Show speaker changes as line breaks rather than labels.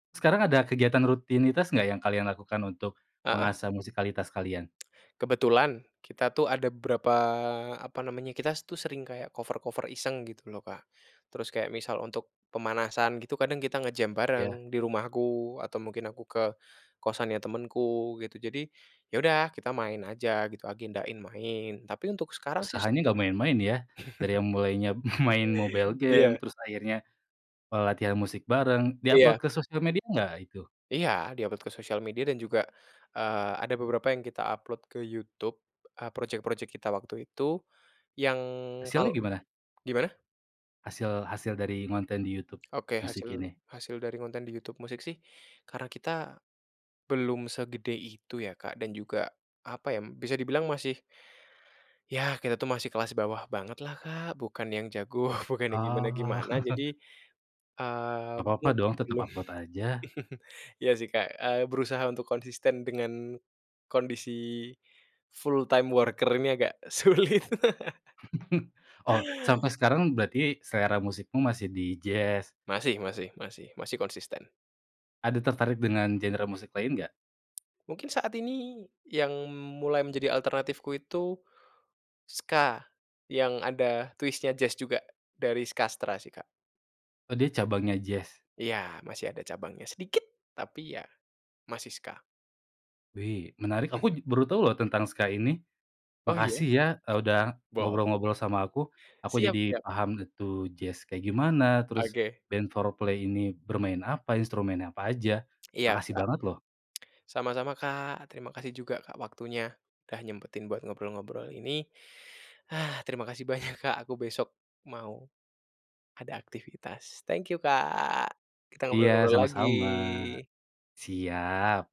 Sekarang ada kegiatan rutinitas nggak yang kalian lakukan untuk
Heeh.
mengasah musikalitas kalian?
Kebetulan kita tuh ada beberapa, apa namanya, kita tus sering kayak cover-cover iseng gitu loh, Kak. Terus kayak misal untuk pemanasan gitu kadang kita nge-jam
Iya.
bareng di rumahku atau mungkin aku ke kosan ya temenku gitu. Jadi ya udah kita main aja gitu agendain main tapi untuk sekarang sih
Usahanya
sering
gak main-main ya? Dari yang mulainya main mobile game
Iya.
terus akhirnya, eee, latihan musik bareng, di-upload
Iya.
ke sosial media nggak itu?
Iya, di-upload ke sosial media dan juga, eee, ada beberapa yang kita upload ke YouTube e proyek-proyek kita waktu itu yang kalau
Hasilnya gimana?
gimana?
Hasil hasil dari ngonten di YouTube
Oke
Music
hasil
ini?
hasil dari konten di YouTube Music sih karena kita belum segede itu ya Kak dan juga, apa ya, bisa dibilang masih yah, kita tuh masih kelas bawah banget lah Kak, bukan yang jago, bukan yang
Oh.
gimana-gimana jadi, eee,
Nggak apa-apa dong
mungkin
tetap
belum
upload aja.
iya sih Kak, eee, berusaha untuk konsisten dengan kondisi full time worker ini agak sulit.
Oh sampai sekarang berarti selera musikmu masih di jazz?
Masih masih masih masih konsisten.
Ada tertarik dengan genre musik lain nggak?
Mungkin saat ini yang mulai menjadi alternatifku itu ska, yang ada twist-nya jazz juga dari Skastra sih, Kak.
Oh dia cabangnya jazz?
Iya masih ada cabangnya sedikit tapi ya masih ska.
Wih, menarik, aku j baru tahu loh tentang ska ini,
Oh iya?
makasih ya e udah
Bol
ngobrol-ngobrol sama aku. Aku
Siap
jadi
siap.
paham tuh jazz kayak gimana, terus
Oke.
band Fourplay ini bermain apa, instrumennya apa aja,
Iya
makasih
Kak.
banget loh.
Sama-sama Kak, terima kasih juga Kak waktunya udah nyempetin buat ngobrol-ngobrol ini. Ah terima kasih banyak Kak aku besok mau ada aktivitas, thank you Kak. Kita
Iya
ngobrol-ngobrol
sama-sama.
lagi.
Siap.